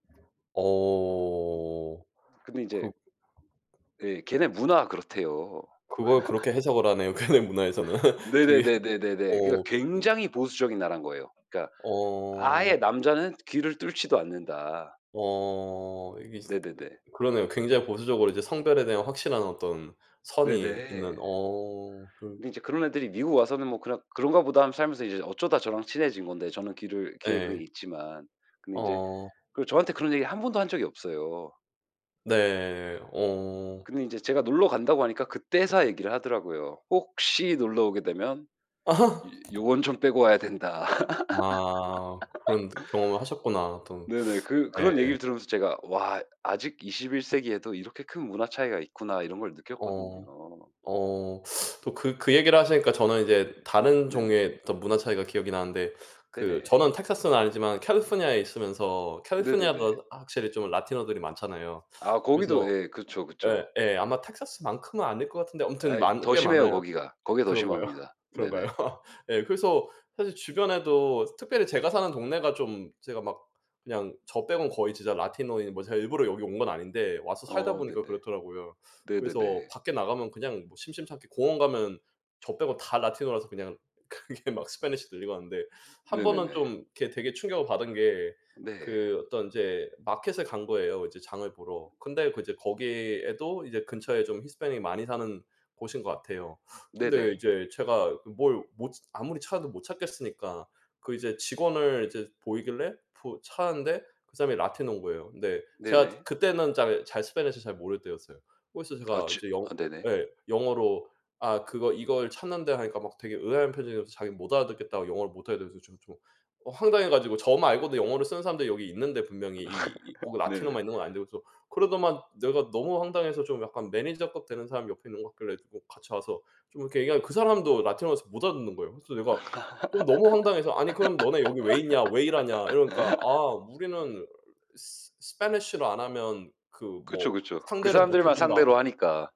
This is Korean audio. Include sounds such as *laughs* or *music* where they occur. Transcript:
어. 음 근데 이제 그 음 예 걔네 문화가 그렇대요. 그걸 그렇게 *laughs* 해석을 하네요. 걔네 문화에서는. 그게 네네네네네네. 그니까 어. 거기는 굉장히 보수적인 나라인 거예요. 그러니까 어. 아예 남자는 귀를 뚫지도 않는다. 어. 이게 진짜 네네네. 그러네요. 굉장히 보수적으로 성별에 대한 확실한 어떤 선이 있는 네네. 어 그 근데 이제 그런 애들이 미국 와서는 뭐 그냥 '그런가 보다.' 하면서 살면서 이제 어쩌다 저랑 친해진 건데 저는 귀를 귀에 그게 예. 있지만 근데 이제 어. 그 저한테 그런 얘기를 한 번도 한 적이 없어요. 네. 어. 근데 이제 제가 놀러 간다고 하니까 그때서야 얘기를 하더라고요. "혹시 놀러오게 되면 이 *laughs* 요건 좀 빼고 와야 된다." 아. 그런 경험을 하셨구나. *laughs* 또 네네. 그 네. 그런 얘기를 들으면서 제가 '와 아직 21 세기에도 이렇게 큰 문화 차이가 있구나.' 이런 걸 어. 느꼈거든요. 어 또 그 그 얘기를 하시니까 저는 이제 다른 네네. 종류의 어떤 문화 차이가 기억이 나는데 그 네네. 저는 텍사스는 아니지만 캘리포니아에 있으면서 캘리포니아가 네네네. 확실히 좀 라티노들이 많잖아요. 아 그래서 거기도 예. 그쵸, 예, 그쵸. 예. 아마 텍사스만큼은 아닐 것 같은데 아무튼 아이 많 더 꽤 심해요 많아요. 거기가. 거기가 더 그런가요? 심합니다. 그런가요? 네네. *laughs* 예 그래서 사실 주변에도 특별히 제가 사는 동네가 좀 제가 막 그냥 저 빼고는 거의 진짜 라티노인데 제가 일부러 여기 온 건 아닌데 와서 어 살다보니까 네네. 그렇더라고요. 그래서 네네네. 밖에 나가면 그냥 뭐 심심찮게 공원가면 저 빼고 다 라티노라서 그냥 그게 막 스패니시 들리고 하는데 음 한 번은 네네네. 좀 그 되게 충격을 받은 게 네. 그 어떤 이제 마켓에 간 거예요 이제 장을 보러. 근데 그제 거기에도 이제 근처에 좀 히스패닉 많이 사는 곳인 것 같아요. 근데 네네. 이제 제가 뭘 못 아무리 찾아도 못 찾겠으니까 그 이제 직원을 이제 보이길래 뭐 찾았는데 그 사람이 라티노인 거예요. 근데 제가 네네. 그 때는 잘 잘 스패니시 잘 모를 때였어요. 그래서 어 제가 지 이제 영어 아 네네. 네 영어로 아 그거 "이걸 찾는데." 하니까 막 되게 의아한 표정이어서 자기는 "못 알아듣겠다. 영어를 못하겠다"고 해서 좀 좀 황당해가지고 저 말고도 영어를 쓰는 사람들이 여기 있는데 분명히 이 이 꼭 *laughs* 네네. 라티노만 있는 건 아닌데 그래서 그러더만 내가 너무 황당해서 좀 약간 매니저급 되는 사람이 옆에 있는 것 같길래 같이 와서 좀 이렇게 얘기하니 그 사람도 라티노여서 못 알아듣는 거예요. 그래서 내가 좀 너무 황당해서 "아니 그럼 너네 여기 왜 있냐. 왜 일하냐?" 이러니까 "아 *laughs* 우리는 스 스패니시를 안 하면 그 그쵸, 뭐 그쵸. 그 상대를 못 해 사람들만 준다." 상대로 하니까.